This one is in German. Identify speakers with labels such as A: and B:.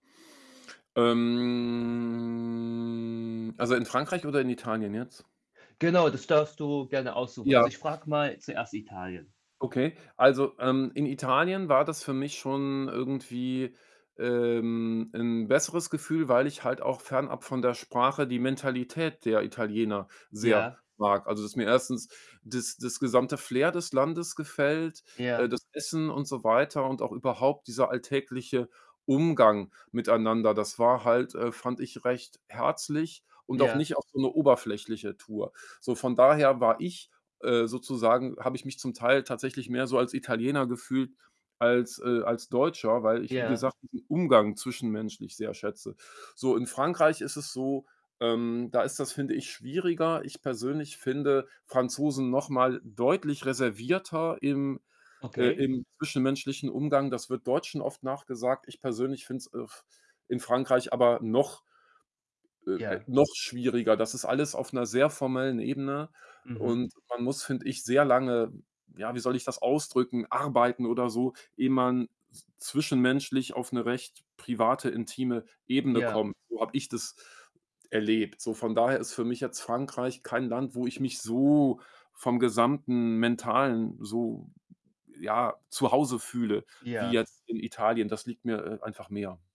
A: Ähm, also, in Frankreich oder in Italien jetzt?
B: Genau, das darfst du gerne aussuchen.
A: Ja.
B: Also, ich frage mal zuerst Italien.
A: Okay. Also, ähm, in Italien war das für mich schon irgendwie ähm, 'n besseres Gefühl, weil ich halt auch fernab von der Sprache die Mentalität der Italiener sehr
B: Ja.
A: mag. Also, dass mir 1. das das gesamte Flair des Landes gefällt äh,
B: Ja.
A: das Essen und so weiter und auch überhaupt dieser alltägliche Umgang miteinander. Das war halt, äh, fand ich, recht herzlich und auch
B: Ja.
A: nicht auf so 'ne oberflächliche Tour. So, von daher war ich, äh, sozusagen habe ich mich zum Teil tatsächlich mehr so als Italiener gefühlt als äh, als Deutscher, weil ich, wie
B: Ja.
A: gesagt, diesen Umgang zwischenmenschlich sehr schätze. So, in Frankreich ist es so, ähm, da ist das, finde ich, schwieriger. Ich persönlich finde Franzosen noch mal deutlich reservierter im äh,
B: Okay.
A: im zwischenmenschlichen Umgang. Das wird Deutschen oft nachgesagt. Ich persönlich finde es, äh, f in Frankreich aber noch äh, äh,
B: Ja.
A: noch schwieriger. Das ist alles auf 'ner sehr formellen Ebene
B: Mhm.
A: und man muss, finde ich, sehr lange ja, wie soll ich das ausdrücken, arbeiten oder so, ehe man z zwischenmenschlich auf 'ne recht private, intime Ebene
B: Ja.
A: kommt. So habe ich das erlebt. So von daher ist für mich jetzt Frankreich kein Land, wo ich mich so vom gesamten Mentalen so ja, zu Hause fühle wie
B: Ja.
A: jetzt in Italien. Das liegt mir, äh, einfach mehr.